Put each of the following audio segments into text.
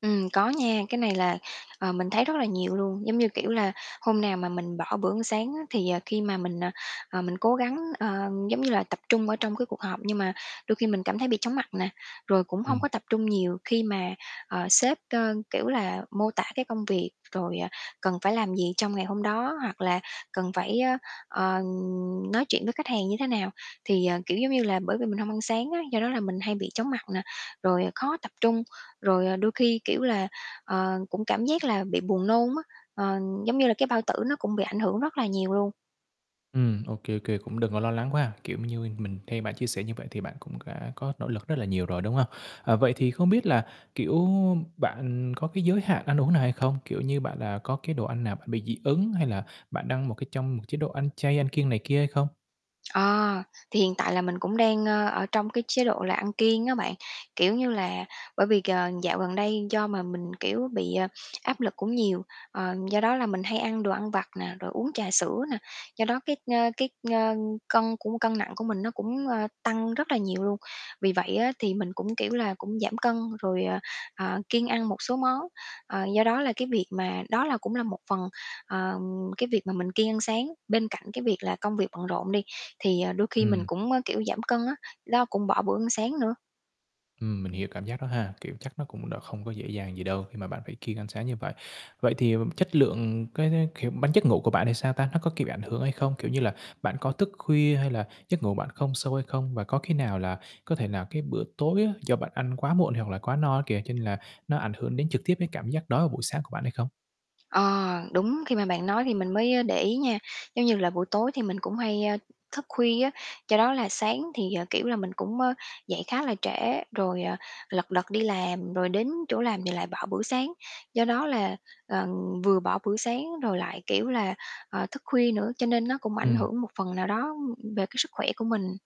Ừm, có nha. Cái này là, ờ, mình thấy rất là nhiều luôn. Giống như, kiểu là, hôm nào mà mình bỏ bữa ăn sáng á thì, ờ, khi mà mình, ờ, ờ, mình cố gắng, ơ, giống như là tập trung ở trong cái cuộc họp nhưng mà đôi khi mình cảm thấy bị chóng mặt nè, rồi cũng hông Ừm. có tập trung nhiều khi mà, ờ, sếp, ơ, kiểu là, mô tả cái công việc rồi, à, cần phải làm gì trong ngày hôm đó hoặc là cần phải, ơ, ờ, nói chuyện với khách hàng như thế nào. Thì, ờ, kiểu giống như là, bởi vì mình hông ăn sáng á, do đó là mình hay bị chóng mặt nè, rồi khó tập trung, rồi, ờ, đôi khi, kiểu là, ờ, cũng cảm giác là bị buồn nôn á. Ờ, giống như là cái bao tử nó cũng bị ảnh hưởng rất là nhiều luôn. Ừm, ô kê, ô kê, cũng đừng có lo lắng quá. Kiểu m như mình theo bạn chia sẻ như vậy thì bạn cũng đã có nỗ lực rất là nhiều rồi, đúng hông? Ờ, vậy thì không biết là, kiểu, bạn có cái giới hạn ăn uống nào hay không? Kiểu như, bạn, à, có cái đồ ăn nào bạn bị dị ứng hay là bạn đang trong một cái trong một chế độ ăn chay, ăn kiêng này kia hay không? Ờ, thì hiện tại là mình cũng đang, ơ, ở trong cái chế độ là ăn kiêng á bạn. Kiểu như là bởi vì c dạo gần đây do mà mình, kiểu, bị, ờ, áp lực cũng nhiều. Ờ, do đó là mình hay ăn đồ ăn vặt nè, rồi uống trà sữa nè. Do đó cái, ơ, cái, ơ, cân cũng cân nặng của mình nó cũng, ơ, tăng rất là nhiều luôn. Vì vậy á thì mình cũng, kiểu là, cũng giảm cân rồi, ờ, ờ, kiêng ăn một số món. Ờ, do đó là cái việc mà đó là cũng là một phần, ờ, cái việc mà mình kiêng ăn sáng. Bên cạnh cái việc là công việc bận rộn đi thì, ờ, đôi khi mình Ừm. cũng, ơ, kiểu, giảm cân á, đó cũng bỏ bữa ăn sáng nữa. Ừm, mình hiểu cảm giác đó ha. Kiểu chắc nó cũng đó không có dễ dàng gì đâu khi mà bạn phải kiêng ăn sáng như vậy. Vậy thì chất lượng cái, kiểu, bạn giấc ngủ của bạn thì sao ta? Nó có, kiểu, bị ảnh hưởng hay không? Kiểu như là, bạn có thức khuya hay là giấc ngủ bạn không sâu hay không? Và có khi nào là có thể là cái bữa tối á do bạn ăn quá muộn hoặc là quá no á kìa, cho nên là nó ảnh hưởng đến trực tiếp cái cảm giác đói vào buổi sáng của bạn hay không? Ờ, đúng, khi mà bạn nói thì mình mới, ơ, để ý nha. Giống như là buổi tối thì mình cũng hay, ơ, thức khuya á. Do đó là sáng thì, ờ, kiểu là, mình cũng, ơ, dậy khá là trễ rồi, à, lật đật đi làm. Rồi đến chỗ làm thì lại bỏ bữa sáng. Do đó là, ờ, vừa bỏ bữa sáng rồi lại, kiểu là, ờ, thức khuya nữa cho nên nó cũng ảnh Ừm. hưởng một phần nào đó về cái sức khỏe của mình.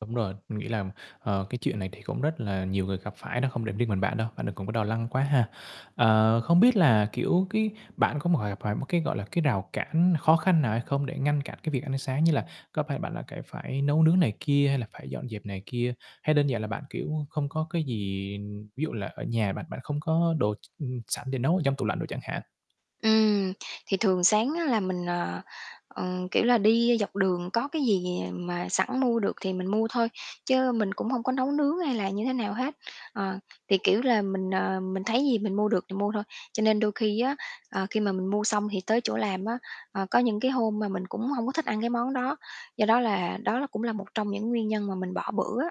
Đúng rồi, mình nghĩ là, ờ, cái chuyện này thì cũng rất là nhiều người gặp phải đó, không để riêng mình bạn đâu, bạn đừng cũng có lo lắng quá ha. Ờ, không biết là, kiểu, cái bạn có [unintelligible] gặp phải một cái, gọi là, cái rào cản khó khăn nào hay không để ngăn cản cái việc ăn sáng, như là có phải bạn lại cải phải nấu nướng này kia hay là phải dọn dẹp này kia, hay đơn giản là bạn, kiểu, không có cái gì ví dụ là ở nhà bạn bạn không có đồ ch ừm, sẵn để nấu ở trong tủ lạnh đồ chẳng hạn? Ừm, thì thường sáng á là mình, ờ, ờ, kiểu là, đi dọc đường có cái gì mà sẵn mua được thì mình mua thôi, chứ mình cũng hông có nấu nướng hay là như thế nào hết. Ờ, thì, kiểu là, mình, ờ, mình thấy gì mình mua được thì mua thôi. Cho nên đôi khi á, ờ, khi mà mình mua xong thì tới chỗ làm á, ờ, có những cái hôm mà mình cũng hông có thích ăn cái món đó. Do đó là đó là cũng là một trong những nguyên nhân mà mình bỏ bữa á.